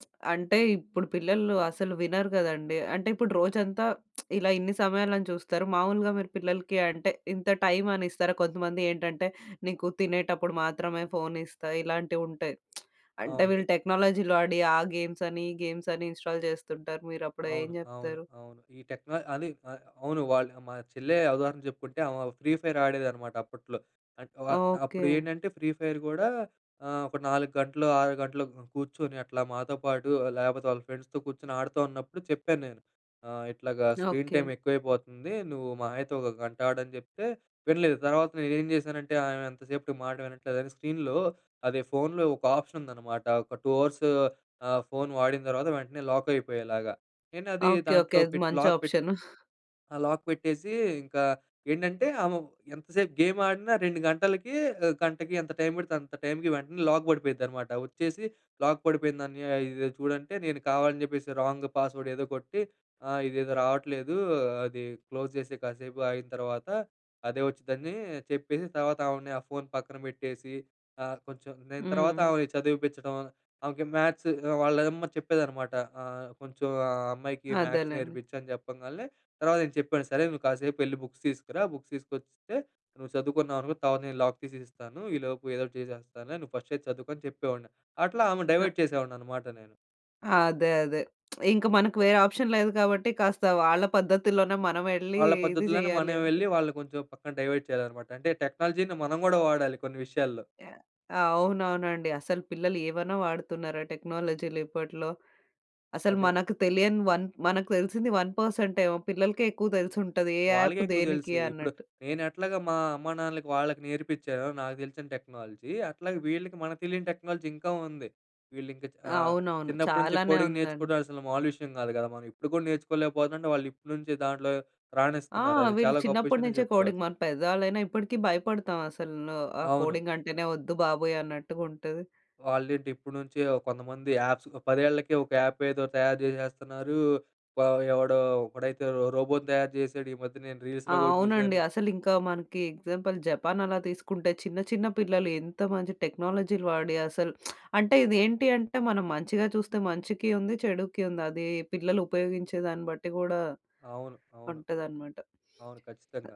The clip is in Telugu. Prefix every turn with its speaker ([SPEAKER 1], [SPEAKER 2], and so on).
[SPEAKER 1] అంటే, ఇప్పుడు పిల్లలు అసలు వినరు కదండీ. అంటే, ఇప్పుడు రోజంతా ఇలా ఇన్ని సమయాలని చూస్తారు. మామూలుగా మీరు పిల్లలకి అంటే ఇంత టైమ్ అని ఇస్తారా? కొంతమంది ఏంటంటే నీకు తినేటప్పుడు మాత్రమే ఫోన్ ఇస్తా ఇలాంటివి ఉంటాయి. అంటే,
[SPEAKER 2] అవును.
[SPEAKER 1] వీళ్ళు టెక్నాలజీలో ఆడి ఆ గేమ్సని, ఈ గేమ్సని ఇన్‌స్టాల్ చేస్తుంటారు. మీరప్పుడు ఏం
[SPEAKER 2] అవును, అవును,
[SPEAKER 1] చెప్తారు?
[SPEAKER 2] అవును. ఈ టెక్న అదే ఆహ్, అవును. వాళ్ళు మా చెల్లె ఉదాహరణ చెప్పుకుంటే ఆమె ఫ్రీ ఫైర్ ఆడేదన్నమాట అప్పట్లో. అ-అంటే అప్పుడు
[SPEAKER 1] ఓకే.
[SPEAKER 2] ఏంటంటే ఫ్రీ ఫైర్ కూడా, ఆ ఒక 4 గంటలు, 6 గంటలు కూర్చొని అట్లా మాతో పాటు లేకపోతే వాళ్ళ ఫ్రెండ్స్‌తో కూర్చొని ఆడుతూ ఉన్నప్పుడు చెప్పాన్నేను. ఆ ఇట్లాగా స్క్రీన్ టైమ్
[SPEAKER 1] ఓకే.
[SPEAKER 2] ఎక్కువైపోతుంది. నువ్వు మహా అయితే 1 గంటాడని చెప్తే వినలేదు. తర్వాత నేనేం చేశానంటే ఆమె ఎంతసేపటికి మాట వినట్లేదని, స్క్రీన్‌లో అదే ఫోన్‌లో ఒక ఆప్షన్ ఉందన్నమాట, ఒక 2 అవర్స్ ఆ ఫోన్ వాడిన తర్వాత వెంటనే లాక్ అయిపోయేలాగా. నేనది
[SPEAKER 1] ఓకే. ఓకే.
[SPEAKER 2] దాంట్లో
[SPEAKER 1] అది
[SPEAKER 2] పెట్టి
[SPEAKER 1] మంచి
[SPEAKER 2] లాక్ పెట్టి
[SPEAKER 1] ఆప్షన్.
[SPEAKER 2] ఆహ్, లాక్ పెట్టేసి ఇంకా, ఏంటంటే ఆమె ఎంతసేపు గేమ్ ఆడినా, 2 గంటలకి, గంటకి ఎంత టైమ్ పడితే అంత టైమ్‌కి వెంటనే లాక్ పడిపోయిద్దన్నమాట. వచ్చేసి లాక్ పడిపోయిందన్నయ్య. ఇది చూడంటే, నేను కావాలని చెప్పేసి రాంగ్ పాస్ వర్డ్ ఏదో కొట్టి, ఆ ఇదేదో రావట్లేదు. అది క్లోజ్ చేసేయి. కాసేపు ఆగిన తర్వాత అదే వచ్చుద్దని చెప్పేసి, తర్వాత ఆమెని ఆ ఫోన్ పక్కన పెట్టేసి, ఆ కొంచెం నేను తర్వాత
[SPEAKER 1] హ్మ్.
[SPEAKER 2] ఆమెని చదివిపిచ్చడం. ఆమెకి మ్యాథ్స్ వాళ్ళమ్మ చెప్పేదన్నమాట ఆ! కొంచెం ఆ "అమ్మాయికి మ్యాథ్స్
[SPEAKER 1] అదేలేండి.
[SPEAKER 2] నేర్పించు" అని చెప్పంగాల్నే, తర్వాత నేను చెప్పాను, సరే నువ్వు కాసేపు వెళ్లి బుక్స్ తీసుకురా, బుక్స్ తీసుకొస్తే నువ్వు చదువుకున్నావనుకో, తర్వాత నేను లాక్ తీసి ఇస్తాను. ఈలోపు ఏదో ఒకటి చేసేస్తానులే. నువ్వు ఫస్ట్ అయితే చదువుకో అని చెప్పేవాడిని. అట్లా ఆమెను
[SPEAKER 1] ఆ!
[SPEAKER 2] డైవర్ట్ చేసేవాడినన్నమాట నేను.
[SPEAKER 1] అదే. అదే. ఇంక మనకు వేరే ఆప్షన్ లేదు కాబట్టి, కాస్త వాళ్ళ పద్ధతిలోనే మనమెళ్లి
[SPEAKER 2] వాళ్ళ
[SPEAKER 1] ఇది
[SPEAKER 2] పద్ధతుల్లోనే
[SPEAKER 1] చెయ్యాలి
[SPEAKER 2] మనం
[SPEAKER 1] అంతే.
[SPEAKER 2] వెళ్లి, వాళ్ళని కొంచెం పక్కన డైవర్ట్ చేయాలన్నమాట. అంటే టెక్నాలజీ‌ని మనం కూడా వాడాలి కొన్ని విషయాల్లో.
[SPEAKER 1] యాహ్! అవునవునండి. అసలు పిల్లలు ఏవైనా వాడుతున్నారా టెక్నాలజీలు ఇప్పట్లో. అసలు
[SPEAKER 2] అదే.
[SPEAKER 1] మనకు తెలియని 1 మనకు తెలిసింది 1 పర్సెంటేమో, పిల్లలకే ఎక్కువ తెలిసుంటది. ఏ యాప్
[SPEAKER 2] వాళ్ళకే ఎక్కువ తెలుసు.
[SPEAKER 1] దేనికి
[SPEAKER 2] ఇప్పుడు
[SPEAKER 1] అన్నట్టు.
[SPEAKER 2] నేను ఎట్లాగా మా అమ్మానాన్నలకి వాళ్ళకి నేర్పిచ్చానో నాకు తెలిసిన టెక్నాలజీ. అట్లాగే వీళ్ళకి మనకు తెలియని టెక్నాలజీ ఇంకా ఉంది. వీళ్ళింక ఆహ్,
[SPEAKER 1] అవునవును.
[SPEAKER 2] చిన్నప్పటినుంచి
[SPEAKER 1] చాలానే
[SPEAKER 2] కోడింగ్
[SPEAKER 1] ఉందండి.
[SPEAKER 2] నేర్చుకోవడం అసలు మామూలు విషయం కాదు కదా! మనం ఇప్పుడు కూడా నేర్చుకోలేకపోతుంటే, వాళ్ళు ఇప్పటి నుంచి దాంట్లో
[SPEAKER 1] ఆ!
[SPEAKER 2] రాణిస్తున్నారు. అది
[SPEAKER 1] వీళ్ళు
[SPEAKER 2] చాలా గొప్ప విషయమనే
[SPEAKER 1] చిన్నప్పటినుంచే కోడింగ్. మా
[SPEAKER 2] చెప్పుకోవచ్చు.
[SPEAKER 1] పెద్దవాళ్ళైనా ఇప్పటికి భయపడతాం, అసలు ఆ
[SPEAKER 2] అవును.
[SPEAKER 1] కోడింగ్ అంటేనే వద్దు బాబోయ్ అన్నట్టుగా ఉంటది.
[SPEAKER 2] వాళ్ళేంటి ఇప్పటి నుంచే కొంతమంది యాప్స్ 10 ఏళ్ళకే ఒక యాప్ ఏదో తయారు చేసేస్తున్నారు. ఎవడో ఒకడైతే రోబోను తయారు చేసాడు. ఈ మధ్య నేను
[SPEAKER 1] ఆ!
[SPEAKER 2] రీల్స్‌లో గూడ
[SPEAKER 1] అవునండి.
[SPEAKER 2] చూసాను.
[SPEAKER 1] అసలింకా మనకి ఎగ్జాంపుల్ జపాన్ అలా తీసుకుంటే, చిన్న చిన్న పిల్లలు ఎంత మంచి టెక్నాలజీలు వాడి అసలు, అంటే ఇది ఏంటి అంటే మనం మంచిగా చూస్తే మంచికి ఉంది, చెడుకి ఉంది. అది పిల్లలు ఉపయోగించే దాన్ని బట్టి కూడా
[SPEAKER 2] అవును, అవును.
[SPEAKER 1] ఉంటదన్నమాట.
[SPEAKER 2] అవును. ఖచ్చితంగా.